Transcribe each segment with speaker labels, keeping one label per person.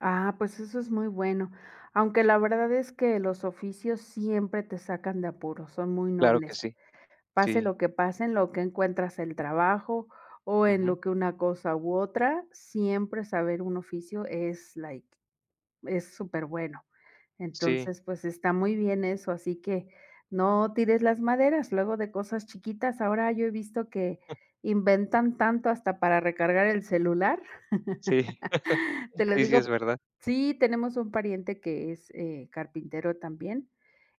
Speaker 1: Ah, pues eso es muy bueno. Aunque la verdad es que los oficios siempre te sacan de apuros, son muy
Speaker 2: Claro que
Speaker 1: nobles.
Speaker 2: sí.
Speaker 1: Pase
Speaker 2: Sí.
Speaker 1: lo que pase, en lo que encuentras el trabajo o en
Speaker 2: Ujú.
Speaker 1: lo que una cosa u otra, siempre saber un oficio es like, es superbueno.
Speaker 2: Sí.
Speaker 1: Entonces, pues está muy bien eso, así que no tires las maderas. Luego de cosas chiquitas. Ahora yo he visto que inventan tanto, hasta para recargar el celular.
Speaker 2: Sí.
Speaker 1: Te lo
Speaker 2: Sí, sí es
Speaker 1: digo
Speaker 2: verdad.
Speaker 1: Sí tenemos un pariente que es, eh, carpintero también,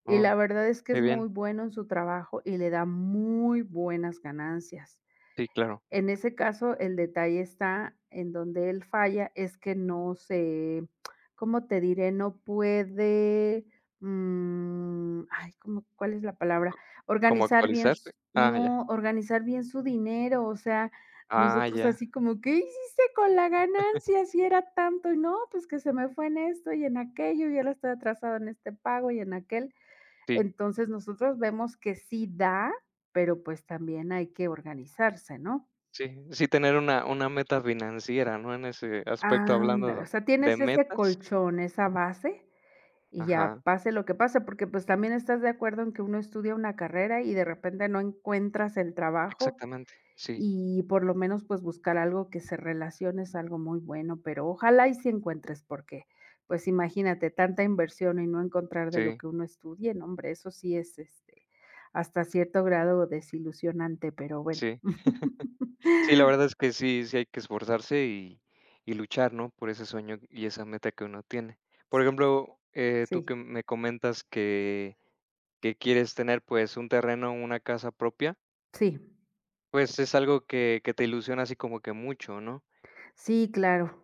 Speaker 1: y
Speaker 2: Oh,
Speaker 1: la verdad es que
Speaker 2: qué
Speaker 1: es
Speaker 2: bien.
Speaker 1: muy bueno en su trabajo, y le da muy buenas ganancias.
Speaker 2: Sí, claro.
Speaker 1: En ese caso, el detalle está en donde él falla es que no se ¿Cómo te diré? No puede, mm, ay, ¿cómo cuál es la palabra?
Speaker 2: ¿Cómo
Speaker 1: Organizar bien
Speaker 2: actualizarte?
Speaker 1: s
Speaker 2: Ah, ya.
Speaker 1: no, organizar bien su dinero. O sea,
Speaker 2: Ah,
Speaker 1: nosotros
Speaker 2: ya.
Speaker 1: así como, ¿qué hiciste con la ganancia si era tanto? Y, no, pues que se me fue en esto y en aquello y ahora estoy atrasado en este pago y en aquel.
Speaker 2: Sí.
Speaker 1: Entonces, nosotros vemos que sí da, pero pues también hay que organizarse, ¿no?
Speaker 2: Sí, sí tener una una meta financiera, ¿no? En ese aspecto,
Speaker 1: Ándale. O
Speaker 2: hablando
Speaker 1: sea,
Speaker 2: de
Speaker 1: tienes ese
Speaker 2: metas.
Speaker 1: colchón, esa base y ya
Speaker 2: Ajá.
Speaker 1: pase lo que pase. Porque pues también estás de acuerdo en que uno estudia una carrera y de repente no encuentras el trabajo
Speaker 2: Exactamente, sí.
Speaker 1: y por lo menos pues buscar algo que se relacione es algo muy bueno, pero ojalá y sí encuentres porque, pues, imagínate tanta inversión y no encontrar de lo
Speaker 2: Sí.
Speaker 1: que uno estudie, no hombre, eso sí es, este, hasta cierto grado desilusionante, pero bueno.
Speaker 2: Sí. Sí, la verdad es que sí. Sí hay que esforzarse y y luchar, ¿no?, por ese sueño y esa meta que uno tiene.
Speaker 1: S
Speaker 2: Por ejemplo, eh, tú que
Speaker 1: Sí.
Speaker 2: me comentas que que quieres tener, pues un terreno, una casa propia
Speaker 1: Sí.
Speaker 2: pues es algo que que te ilusiona así como que mucho, ¿no?
Speaker 1: Sí, claro.